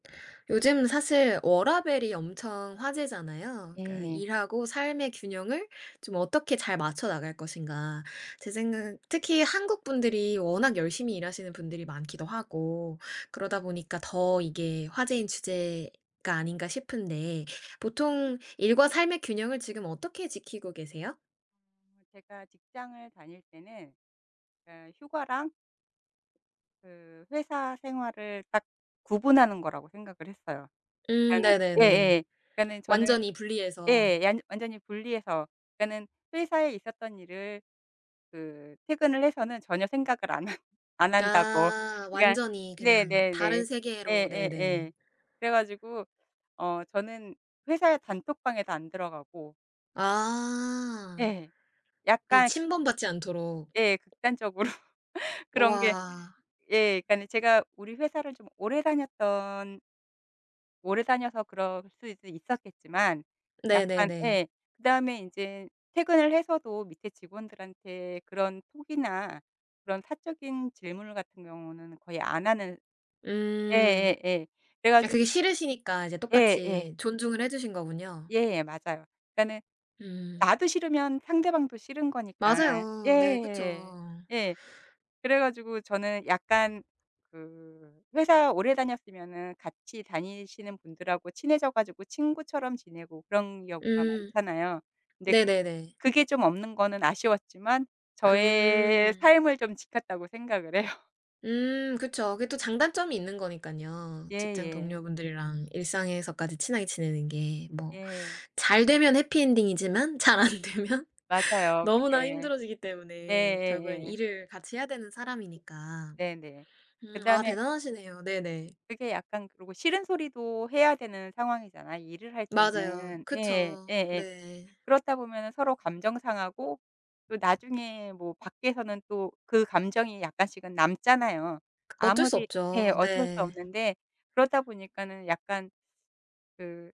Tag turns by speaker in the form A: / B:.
A: 요즘 사실 워라밸이 엄청 화제잖아요. 그니까
B: 예.
A: '일하고 삶의 균형을 좀 어떻게 잘 맞춰 나갈 것인가.' 제 생각은 특히 한국 분들이 워낙 열심히 일하시는 분들이 많기도 하고 그러다 보니까 더 이게 화제인 주제가 아닌가 싶은데 보통 일과 삶의 균형을 지금 어떻게 지키고 계세요?
B: 제가 직장을 다닐 때는 그니까 휴가랑 그 회사 생활을 딱 구분하는 거라고 생각을 했어요.
A: 음
B: 그러니까는
A: 네네네.
B: 예예. 그러니까는 저는
A: 완전히 분리해서.
B: 예. 완 완전히 분리해서 그러니까는 회사에 있었던 일을 그 퇴근을 해서는 전혀 생각을 안 하 안 한다고,
A: 아
B: 그러니까
A: 완전히 그냥
B: 네네네
A: 다른 세계로 네네.
B: 예예예. 그래 가지고 어 저는 회사 단톡방에도 안 들어가고
A: 아.
B: 예.
A: 이
B: 약간
A: 침범받지 않도록
B: 예. 극단적으로 그런 게
A: 와.
B: 예. 그니까는 제가 우리 회사를 좀 오래 다녔던 오래 다녀서 그럴 수 수도 있었겠지만, 약간
A: 네네네.
B: 예. 그다음에 인제 퇴근을 해서도 밑에 직원들한테 그런 톡이나 그런 사적인 질문 같은 경우는 거의 안 하는
A: 음.
B: 예예예. 그래
A: 아
B: 가지고
A: 그게 싫으시니까 이제
B: 예예.
A: 똑같이 존중을 해 주신 거군요.
B: 예 맞아요. 그러니까는
A: 음.
B: 나도 싫으면 상대방도 싫은 거니까
A: 맞아요. 네 그쵸.
B: 예 예. 그래 가지고 저는 약간 그 회사 오래 다녔으면은 같이 다니시는 분들하고 친해져 가지고 친구처럼 지내고 그런 경우가
A: 음.
B: 많잖아요. 근데
A: 네네네.
B: 그게 좀 없는 거는 아쉬웠지만 저의
A: 음.
B: 삶을 좀 지켰다고 생각을 해요.
A: 음 그쵸. 그게 또 장단점이 있는 거니깐요. 직장
B: 예예.
A: 동료분들이랑 일상에서까지 친하게 지내는 게 뭐
B: 예.
A: 잘 되면 해피 엔딩이지만 잘 안 되면
B: 맞아요
A: 너무나
B: 그게.
A: 힘들어지기 때문에 결국에는
B: 예예예.
A: 일을 같이 해야 되는 사람이니까.
B: 네네.
A: 음 아
B: 그다음에
A: 대단하시네요. 네네.
B: 그게 약간 그러고 싫은 소리도 해야 되는 상황이잖아요 일을 할
A: 맞아요.
B: 때는. 예.
A: 그쵸.
B: 예예.
A: 네.
B: 그렇다 보면은 서로 감정 상하고 또 나중에 뭐 밖에서는 또 그 감정이 약간씩은 남잖아요.
A: 그 어쩔 수
B: 아무리 예
A: 없죠.
B: 어쩔 수
A: 네.
B: 없는데 그러다 보니까는 약간 그